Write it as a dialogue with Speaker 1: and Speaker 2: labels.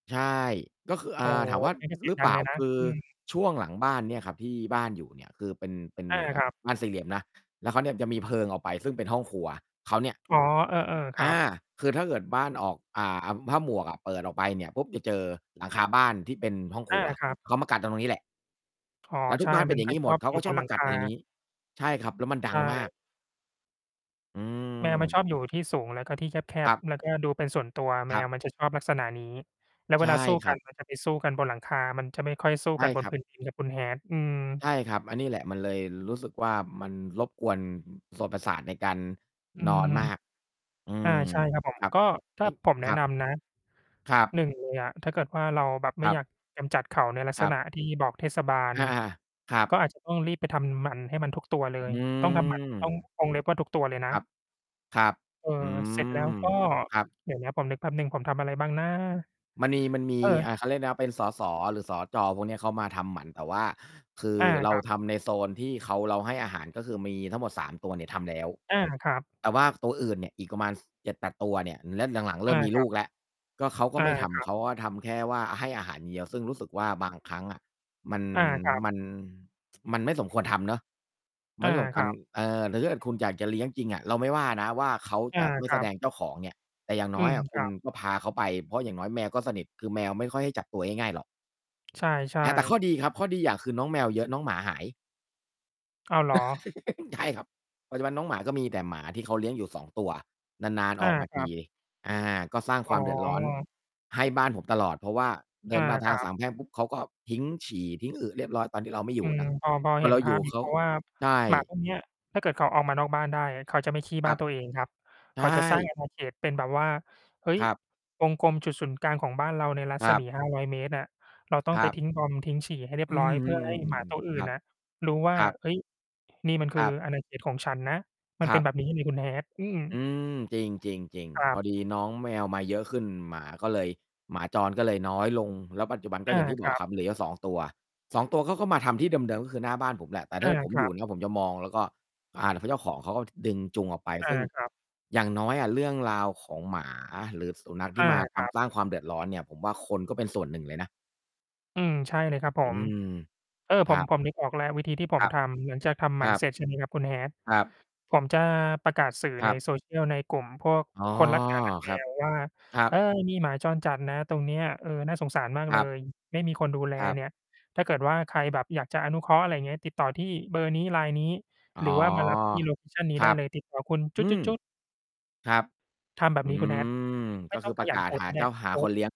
Speaker 1: ใช่ ก็คือ อ
Speaker 2: โอ
Speaker 1: ่
Speaker 2: ้
Speaker 1: า
Speaker 2: โฮ
Speaker 1: ถามว่า
Speaker 2: นี่
Speaker 1: อ
Speaker 2: ก็เสี
Speaker 1: หร
Speaker 2: ยง
Speaker 1: ือ
Speaker 2: ด
Speaker 1: เ
Speaker 2: ั
Speaker 1: ปล
Speaker 2: ง
Speaker 1: ่
Speaker 2: เ
Speaker 1: า?
Speaker 2: ลยนะ
Speaker 1: คือ
Speaker 2: อืม
Speaker 1: ช่วงหลังบ้านเนี่ยครับที่บ้านอยู่เนี่ย คือเป็น เป็น
Speaker 2: อ
Speaker 1: เ
Speaker 2: า
Speaker 1: หมือนกั
Speaker 2: ค
Speaker 1: บ
Speaker 2: รับ
Speaker 1: บ้านสี่เหลี่ยมนะ แล้วเขาเนี่ยจะมีเพิงออกไปซึ่งเป็นห้องครัว เขาเนี่ย
Speaker 2: อ๋อ เออ ๆ ค
Speaker 1: อ
Speaker 2: รั
Speaker 1: า
Speaker 2: บ
Speaker 1: คือถ้าเกิดบ้านออก อ่า อ ผ้าหมวกอะเปิดออกไปเนี่ยปุ๊บ จะเจอหลังคาบ้านที่เป็นห้องค
Speaker 2: อ
Speaker 1: ร
Speaker 2: า
Speaker 1: ัว
Speaker 2: ครับ
Speaker 1: เขามากัดตรงนี้แหละ
Speaker 2: อ๋อ
Speaker 1: แล้วท
Speaker 2: ใ
Speaker 1: ุ
Speaker 2: ช
Speaker 1: ก
Speaker 2: ่
Speaker 1: บ้านเป็
Speaker 2: มั
Speaker 1: น
Speaker 2: น
Speaker 1: อย่า
Speaker 2: ก
Speaker 1: ง
Speaker 2: ็
Speaker 1: งี้
Speaker 2: ช
Speaker 1: หม
Speaker 2: อ
Speaker 1: ด
Speaker 2: บ
Speaker 1: เค้า
Speaker 2: อยู
Speaker 1: ก
Speaker 2: ่
Speaker 1: ็ช
Speaker 2: บ
Speaker 1: อ
Speaker 2: น
Speaker 1: บ
Speaker 2: ห
Speaker 1: ม
Speaker 2: ลั
Speaker 1: า
Speaker 2: ง
Speaker 1: ก
Speaker 2: ค
Speaker 1: ัด อะไรง
Speaker 2: า
Speaker 1: ี้ ใช่ครับ แล้วมันด
Speaker 2: ใช
Speaker 1: ังมาก
Speaker 2: ่
Speaker 1: อื
Speaker 2: แมวมันช
Speaker 1: ม
Speaker 2: อบอยู่ที่สูงแล้วก็ที่แค
Speaker 1: คร
Speaker 2: บ
Speaker 1: ับ
Speaker 2: ๆ แล้วก็ดูเป็นส่วนตัว แ
Speaker 1: ค
Speaker 2: ม
Speaker 1: รับ
Speaker 2: วมันจะชอบลักษณะนี้ แล้ว
Speaker 1: ใช
Speaker 2: เว
Speaker 1: ่
Speaker 2: ลาสู้
Speaker 1: ค
Speaker 2: ก
Speaker 1: รั
Speaker 2: ัน
Speaker 1: บ
Speaker 2: มันจะไปสู้กันบนหลังคา มันจะไม่ค่อยสู้
Speaker 1: ใช
Speaker 2: ก
Speaker 1: ่
Speaker 2: ันบ
Speaker 1: ค
Speaker 2: น
Speaker 1: รั
Speaker 2: พ
Speaker 1: บ
Speaker 2: ื้น ดินนะ คุณ Hat อื
Speaker 1: ใ
Speaker 2: อ
Speaker 1: ช่ครับ อันนี้แหละมันเลยรู้สึกว่า มันรบกวนส่วนประสาทในการ
Speaker 2: อื
Speaker 1: นอน
Speaker 2: อ
Speaker 1: มาก อื
Speaker 2: อา
Speaker 1: ม
Speaker 2: ใช่ครับ ผ
Speaker 1: ค
Speaker 2: ม
Speaker 1: รับ
Speaker 2: ก็ ถ้
Speaker 1: อื
Speaker 2: า
Speaker 1: ม
Speaker 2: ผมแ
Speaker 1: ค
Speaker 2: นะ
Speaker 1: รั
Speaker 2: น
Speaker 1: บ
Speaker 2: ำนะ
Speaker 1: ครับ
Speaker 2: 1 เลยอะ ถ้าเกิดว่าเราแบบไ
Speaker 1: ค
Speaker 2: ม่
Speaker 1: รั
Speaker 2: อย
Speaker 1: บ
Speaker 2: ากกำจัดเขาในลัก
Speaker 1: ค
Speaker 2: ษ
Speaker 1: รับ
Speaker 2: ณะที่บอกเทศบาล
Speaker 1: อา ครับ
Speaker 2: ก็อาจ จะ ต้องรีบไปทำหมันให้มันทุกตัวเล
Speaker 1: อ
Speaker 2: ย
Speaker 1: ื
Speaker 2: ต้องทำหมัน ต้อง
Speaker 1: ม
Speaker 2: วงเล็บว่าทุกตัวเลยน
Speaker 1: ค
Speaker 2: ะ
Speaker 1: รับ ครับ
Speaker 2: เออ
Speaker 1: อื
Speaker 2: เสร็จแล้ว
Speaker 1: ม
Speaker 2: ก็
Speaker 1: ครับ
Speaker 2: เดี๋ยวนะ ผมนึกแป๊บหนึ่ง ผมทำอะไรบ้างนะ?
Speaker 1: มันมี มันม
Speaker 2: เ
Speaker 1: ี
Speaker 2: ออ
Speaker 1: อ่า เขาเรียกนะ สส. หรือ สจ. พวกเนี้ย เขามาทำหมัน แต่ว่าคือ
Speaker 2: อา
Speaker 1: เร
Speaker 2: ค
Speaker 1: า
Speaker 2: รับ
Speaker 1: ทำในโซนที่เขา เราให้อาหาร ก็คือมีทั้งหมด 3 ตัวเนี่ยทำแล้ว
Speaker 2: อา ครับ
Speaker 1: แต่ว่าตัวอื่นเนี่ยอีกประมาณ ส 7-8 ตัวเนี่ย แล้วหลัง ๆ เร
Speaker 2: อ
Speaker 1: ิ่
Speaker 2: า
Speaker 1: มมี
Speaker 2: ค
Speaker 1: ล
Speaker 2: รั
Speaker 1: ู
Speaker 2: บ
Speaker 1: กแล้ว ก็เขาก็
Speaker 2: อา
Speaker 1: ไม่ท
Speaker 2: คร
Speaker 1: ำ
Speaker 2: ั
Speaker 1: เ
Speaker 2: บ
Speaker 1: ขาก็ทำแค่ว่าให้อาหารอย่างเดียว ซึ่งรู้สึกว่าบางครั้งอะ มัน
Speaker 2: อา ครับ
Speaker 1: มัน มันไม่สมควรทำเนาะ ไ
Speaker 2: อ
Speaker 1: ม่
Speaker 2: า
Speaker 1: สมค
Speaker 2: ค
Speaker 1: ั
Speaker 2: ร
Speaker 1: น
Speaker 2: ับ
Speaker 1: เออ หรือถ้าเกิดคุณอยากจะเลี้ยงจริงอะ เราไม่ว่านะว่าเขา
Speaker 2: อ
Speaker 1: จ
Speaker 2: า
Speaker 1: ะไม่
Speaker 2: ค
Speaker 1: แ
Speaker 2: รั
Speaker 1: สด
Speaker 2: บ
Speaker 1: งเจ้าของ เงี้ย แต่อย่าง
Speaker 2: อ
Speaker 1: น
Speaker 2: ื
Speaker 1: ้อย
Speaker 2: ม
Speaker 1: อะค
Speaker 2: ค
Speaker 1: ุ
Speaker 2: ร
Speaker 1: ณ
Speaker 2: ับ
Speaker 1: ก็พาเขาไป เพราะอย่างน้อยแมวก็สนิท คือแมวไม่ค่อยให้จับตัวง่าย ๆ หรอก
Speaker 2: ใช่
Speaker 1: อา แต่ข้อ
Speaker 2: ๆ
Speaker 1: ดีครับ ข้อดีอย่างคือน้องแมวเยอะ น้องหมาหาย
Speaker 2: อ้าว เหรอ?
Speaker 1: ใช่ครับ ปัจจุบันน้องหมาก็มีแต่หมาที่เขาเลี้ยงอยู่ 2 ตัว นาน
Speaker 2: อ
Speaker 1: ๆ อ
Speaker 2: า
Speaker 1: อกมา
Speaker 2: ค
Speaker 1: ท
Speaker 2: รั
Speaker 1: ี
Speaker 2: บ
Speaker 1: อา ก็สร้าง
Speaker 2: อ
Speaker 1: ค
Speaker 2: ๋
Speaker 1: ว
Speaker 2: อ
Speaker 1: ามเดือดร้อนให้บ้านผมตลอด เพราะว่าเด
Speaker 2: อ
Speaker 1: ิ
Speaker 2: า
Speaker 1: นมาท
Speaker 2: ค
Speaker 1: า
Speaker 2: ร
Speaker 1: ง
Speaker 2: ั
Speaker 1: ส
Speaker 2: บ
Speaker 1: ามแพร่งปุ๊บ เขาก็ทิ้งฉี่ ทิ้งอึ เรียบร้อย ตอนที่เราไม่อ
Speaker 2: อ
Speaker 1: ย
Speaker 2: ื
Speaker 1: ู่
Speaker 2: ม
Speaker 1: นะ
Speaker 2: พอ พอ
Speaker 1: ต
Speaker 2: เ
Speaker 1: อ
Speaker 2: ห
Speaker 1: น
Speaker 2: ็
Speaker 1: เร
Speaker 2: น
Speaker 1: า
Speaker 2: ภ
Speaker 1: อย
Speaker 2: า
Speaker 1: ู่
Speaker 2: พ อยู
Speaker 1: เ
Speaker 2: ่
Speaker 1: ข
Speaker 2: เ
Speaker 1: า
Speaker 2: พราะว่า
Speaker 1: ใช่
Speaker 2: หมาพวกเนี้ย ถ้าเกิดเขาออกมานอกบ้านได้อะ เขาจะไม่ขี้
Speaker 1: ค
Speaker 2: บ้า
Speaker 1: รั
Speaker 2: น
Speaker 1: บ
Speaker 2: ตัวเองครับ
Speaker 1: ใ
Speaker 2: เ
Speaker 1: ช
Speaker 2: ขาจะสร้าง
Speaker 1: ่
Speaker 2: อาณา เขตเป็นแบบว่า "เฮ้ย
Speaker 1: ครับ
Speaker 2: วงกลมจุดศูนย์กลางของบ้านเราในรั
Speaker 1: ค
Speaker 2: ศ
Speaker 1: รั
Speaker 2: ม
Speaker 1: บ
Speaker 2: ี 500 เมตรน่ะ เราต้อ
Speaker 1: ค
Speaker 2: ง
Speaker 1: ร
Speaker 2: ไป
Speaker 1: ับ
Speaker 2: ทิ้งบอมบ์ ทิ้งฉี่ ให้เรีย
Speaker 1: อ
Speaker 2: บ
Speaker 1: ื
Speaker 2: ร้อ
Speaker 1: ม
Speaker 2: ย เพื่อให้หมาต
Speaker 1: ๆ
Speaker 2: ัว
Speaker 1: ๆ ๆ
Speaker 2: อื
Speaker 1: ๆ ค
Speaker 2: ่
Speaker 1: ร
Speaker 2: น
Speaker 1: ับ
Speaker 2: น่ะรู้ว่
Speaker 1: ค
Speaker 2: า
Speaker 1: รับ
Speaker 2: เฮ้ย นี่มันค
Speaker 1: คร
Speaker 2: ือ
Speaker 1: ับ
Speaker 2: อาณาเขตของฉันนะ" มั
Speaker 1: ค
Speaker 2: น
Speaker 1: ร
Speaker 2: เป
Speaker 1: ั
Speaker 2: ็น
Speaker 1: บ
Speaker 2: แบบนี้นี่คุณ Hat อือ
Speaker 1: อืม จริง
Speaker 2: ค
Speaker 1: ๆ
Speaker 2: ร
Speaker 1: ๆ
Speaker 2: ั
Speaker 1: พ
Speaker 2: บ
Speaker 1: อดีน้องแมวมาเยอะขึ้น หมาก็เลย หมาจรก็เลยน้อยลง แล้วปัจจุบันก็
Speaker 2: อ
Speaker 1: อ
Speaker 2: า
Speaker 1: ย่างที่
Speaker 2: ค
Speaker 1: บอ
Speaker 2: รั
Speaker 1: กค
Speaker 2: บ
Speaker 1: รับ เหลืออยู่ 2 ตัว 2 ตัวเขาก็มาทำที่เดิม ๆ ก็คือหน้าบ้านผมแหละ แต่ถ้
Speaker 2: อ
Speaker 1: า
Speaker 2: า
Speaker 1: เกิดผม
Speaker 2: ค
Speaker 1: อ
Speaker 2: ร
Speaker 1: ย
Speaker 2: ั
Speaker 1: ู่
Speaker 2: บ
Speaker 1: นะ ผมจะมองแล้วก็ อ่า แล้วคือเจ้าของเขาก็ดึงจูงออกไป
Speaker 2: อ
Speaker 1: ซ
Speaker 2: า
Speaker 1: ึ่ง
Speaker 2: ครับ
Speaker 1: อย่างน้อยอะเรื่องราวของหมาหรือสุนัขที
Speaker 2: อ
Speaker 1: ่
Speaker 2: า
Speaker 1: มาท
Speaker 2: ครับ
Speaker 1: ำ สร้างความเดือดร้อนเนี่ย ผมว่าคนก็เป็นส่วนหนึ่งเลยนะ
Speaker 2: อืม ใช่เลยครับผ
Speaker 1: อื
Speaker 2: ม
Speaker 1: ม
Speaker 2: เออ
Speaker 1: ค
Speaker 2: ผ
Speaker 1: รั
Speaker 2: ม
Speaker 1: บ
Speaker 2: ผมนึกออกแล้ววิธีที่ผ
Speaker 1: ค
Speaker 2: ม
Speaker 1: รับ
Speaker 2: ทำ หลังจากทำห
Speaker 1: ค
Speaker 2: มั
Speaker 1: ร
Speaker 2: น
Speaker 1: ั
Speaker 2: เ
Speaker 1: บ
Speaker 2: สร็จ ใช่ไหม ครับคุณ Hat
Speaker 1: ครับ
Speaker 2: ผมจะประกาศสื่อ
Speaker 1: ค
Speaker 2: ใ
Speaker 1: ร
Speaker 2: น
Speaker 1: ับ
Speaker 2: social ในกลุ่มพวก
Speaker 1: อ๋อ
Speaker 2: คนรัก หมา รักแม
Speaker 1: ครับ
Speaker 2: ว ว่า
Speaker 1: ครั
Speaker 2: "เออ
Speaker 1: บ
Speaker 2: มีหมาจรจัดนะตรงเนี้ย เออ น่าสงสารมาก
Speaker 1: ค
Speaker 2: เล
Speaker 1: รับ
Speaker 2: ย ไม่มีคนดูแล
Speaker 1: ครับ
Speaker 2: เนี่ย ถ้าเกิดว่าใครแบบอยากจะอนุเคราะห์" อะไรเงี้ย "ติดต่อที่เบอร์นี้ Line นี้
Speaker 1: อ๋อ
Speaker 2: หรือว่ามา รับที่โลเคชันนี้
Speaker 1: ค
Speaker 2: ไ
Speaker 1: ร
Speaker 2: ด
Speaker 1: ั
Speaker 2: ้
Speaker 1: บ
Speaker 2: เลย ติดต่อคุณ"
Speaker 1: อืม ครับ
Speaker 2: ทำแบ
Speaker 1: อื
Speaker 2: บนี้คุณ Hat
Speaker 1: ม
Speaker 2: ไ
Speaker 1: ก
Speaker 2: ม
Speaker 1: ็
Speaker 2: ่ต
Speaker 1: ค
Speaker 2: ้
Speaker 1: ื
Speaker 2: อ
Speaker 1: อ
Speaker 2: ง
Speaker 1: ป
Speaker 2: ข
Speaker 1: ระ
Speaker 2: ย
Speaker 1: ก
Speaker 2: ั
Speaker 1: า
Speaker 2: นโพ
Speaker 1: ศ
Speaker 2: ส
Speaker 1: ห
Speaker 2: ต
Speaker 1: า
Speaker 2: ์ก็ไ
Speaker 1: เ
Speaker 2: ด
Speaker 1: จ้
Speaker 2: ้
Speaker 1: า หา
Speaker 2: โพ
Speaker 1: ค
Speaker 2: สต์
Speaker 1: นเลี้ยง